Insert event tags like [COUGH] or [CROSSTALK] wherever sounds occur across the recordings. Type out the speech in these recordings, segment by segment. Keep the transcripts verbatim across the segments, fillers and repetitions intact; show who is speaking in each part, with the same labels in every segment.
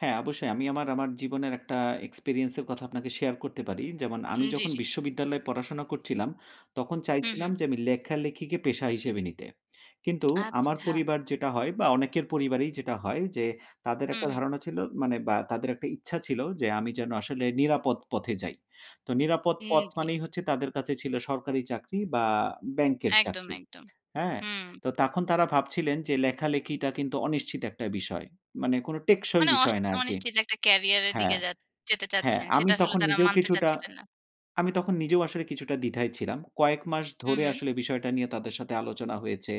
Speaker 1: হ্যাঁ, অবশ্যই আমি আমার আমার জীবনের একটা এক্সপেরিয়েন্সের কথা আপনাকে শেয়ার করতে পারি যেমন আমি
Speaker 2: উ জ্বী,
Speaker 1: যখন
Speaker 2: জ্বী।
Speaker 1: বিশ্ববিদ্যালয়ে পড়াশোনা করছিলাম, তখন
Speaker 2: হু,
Speaker 1: চাইছিলাম
Speaker 2: হু।
Speaker 1: যে আমি লেখালেখিকে পেশা হিসেবে নিতে। কিন্তু
Speaker 2: [SUCKS TEETH]
Speaker 1: আমার
Speaker 2: আচ্ছা।
Speaker 1: পরিবার যেটা হয় বা অনেকের পরিবারেই যেটা হয় যে তাদের
Speaker 2: হুম,
Speaker 1: একটা
Speaker 2: হুম।
Speaker 1: ধারণা ছিল, মানে বা তাদের একটা ইচ্ছা ছিল যে আমি যেন আসলে নিরাপদ পথে যাই। তো নিরাপদ
Speaker 2: হুম,
Speaker 1: পথ
Speaker 2: জ্বী।
Speaker 1: মানেই হচ্ছে তাদের কাছে ছিল সরকারি চাকরি বা ব্যাংকের
Speaker 2: একদম,
Speaker 1: চাকরি।
Speaker 2: একদম।
Speaker 1: হ্যাঁ?
Speaker 2: হুম।
Speaker 1: তো তখন তারা ভাবছিলেন যে লেখালেখিটা কিন্তু অনিশ্চিত একটা বিষয়। মানে কোন টেকসই
Speaker 2: মানে আশ
Speaker 1: বিষয় না আরকি
Speaker 2: অনিশ্চিত একটা কেরিয়ার এর দিকে
Speaker 1: হ্যাঁ,
Speaker 2: যা যেতে
Speaker 1: হ্যাঁ
Speaker 2: চাচ্ছেন।
Speaker 1: আমি
Speaker 2: সেটা আসলে
Speaker 1: তখন
Speaker 2: তারা
Speaker 1: নিজেও
Speaker 2: মানতে
Speaker 1: কিছুটা
Speaker 2: চাচ্ছিলেন না।
Speaker 1: আমি তখন নিজেও আসলে কিছুটা দ্বিধায় ছিলাম। কয়েক মাস
Speaker 2: হু,
Speaker 1: ধরে
Speaker 2: হু।
Speaker 1: আসলে বিষয়টা নিয়ে তাদের সাথে আলোচনা হয়েছে।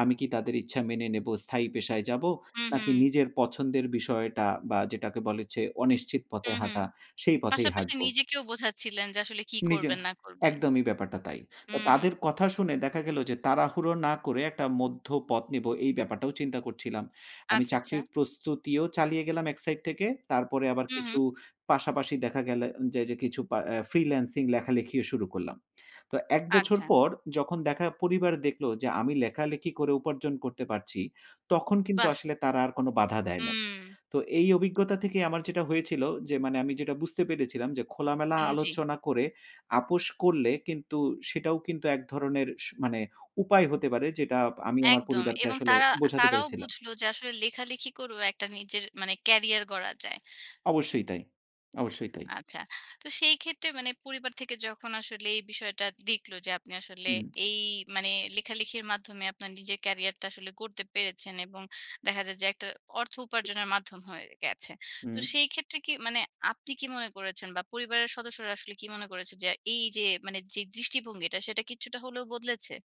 Speaker 1: আমি কি তাদের ইচ্ছা মেনে নেব স্থায়ী পেশায় যাব?
Speaker 2: হু,
Speaker 1: নাকি
Speaker 2: হু।
Speaker 1: নিজের পছন্দের বিষয়টা বা যেটাকে বলে হচ্ছে অনিশ্চিত পথে
Speaker 2: হুম, হুম।
Speaker 1: হাঁটা, সেই পথেই
Speaker 2: পাশাপাশি
Speaker 1: হাঁটব।
Speaker 2: নিজেকেও বোঝাচ্ছিলেন যে আসলে কি
Speaker 1: নিজে
Speaker 2: করবেন না করবেন।
Speaker 1: একদমই ব্যাপারটা তাই। তো
Speaker 2: হুম।
Speaker 1: তাদের কথা শুনে দেখা গেল যে তাড়াহুড়ো না করে একটা মধ্য পথ নিব, এই ব্যাপারটাও চিন্তা করছিলাম। আমি
Speaker 2: আচ্ছা, আচ্ছা।
Speaker 1: চাকরির প্রস্তুতিও চালিয়ে গেলাম এক সাইড থেকে তারপরে আবার
Speaker 2: হু,
Speaker 1: কিছু
Speaker 2: হু।
Speaker 1: পাশাপাশি দেখা গেল যে, যে কিছু পা ফ্রিল্যান্সিং লেখালেখিও শুরু করলাম। তো এক বছর
Speaker 2: আচ্ছা।
Speaker 1: পর যখন দেখা পরিবার দেখলো যে আমি লেখালেখি করে উপার্জন করতে পারছি তখন কিন্তু
Speaker 2: বাহ!
Speaker 1: আসলে তারা আর কোন বাধা দেয় নাই।
Speaker 2: হুম।
Speaker 1: তো এই অভিজ্ঞতা থেকেই আমার যেটা হয়েছিল। যে মানে আমি যেটা বুঝতে পেরেছিলাম যে খোলামেলা
Speaker 2: হুম। জ্বী।
Speaker 1: আলোচনা করে আপস করলে কিন্তু সেটাও কিন্তু এক ধরনের স মানে উপায় হতে পারে যেটা আমি আমার
Speaker 2: একদম
Speaker 1: পরিবারকে
Speaker 2: এবং
Speaker 1: আসলে
Speaker 2: তারা
Speaker 1: বোঝাতে
Speaker 2: তারাও
Speaker 1: পেরেছিলাম।
Speaker 2: বুঝলো যে আসলে লেখালেখি করেও একটা নিজের মানে কেরিয়ার গড়া যায়।
Speaker 1: অবশ্যই তাই, অবশ্যই তাই।
Speaker 2: আচ্ছা। তো সেই ক্ষেত্রে মানে পরিবার থেকে যখন আসলে এই বিষয়টা দেখলো যে আপনি আসলে
Speaker 1: হুম।
Speaker 2: এই মানে, লেখালেখির মাধ্যমে আপনার নিজের কেরিয়ার টা আসলে গড়তে পেরেছেন, এবং দেখা যায় যে একটা অর্থ উপার্জনের মাধ্যম হয়ে গেছে। তো
Speaker 1: হুম।
Speaker 2: সেই ক্ষেত্রে কি মানে আপনি কি মনে করেছেন বা পরিবারের সদস্যরা আসলে কি মনে করেছেন যে এই যে মানে যে দৃষ্টিভঙ্গিটা সেটা কিছুটা হলেও বদলেছে?